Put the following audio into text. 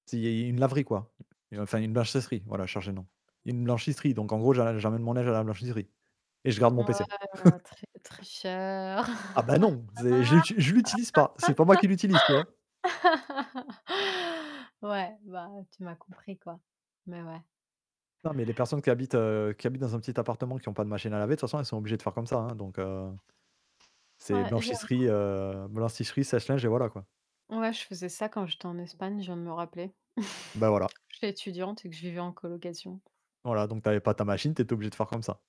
C'est une une laverie quoi et enfin une blanchisserie voilà, je cherchais le nom. Une blanchisserie donc en gros j'a j'amène mon linge à la blanchisserie et je garde mon Ouais, pc. heu, très très cher. Ah bah non j'ai je l'util je l'utilise pas c'est pas moi qui l'utilise, tu vois? Ouais bah, tu m'as compris quoi, mais ouais. Non mais les personnes qui habitent, heu, qui habitent dans un petit appartement qui ont pas de machine à laver, de toute façon elles sont obligées de faire comme ça donc heu c'est Ouais, j'ai un cou blanchisserie, heu, blanchisserie sèche-linge et voilà, quoi. Ouais, je faisais ça quand j'étais en Espagne, je viens de me rappeler. Ben voilà. J'étais étudiante et que je vivais en colocation. Voilà donc tu avais pas ta machine, tu étais obligée de faire comme ça.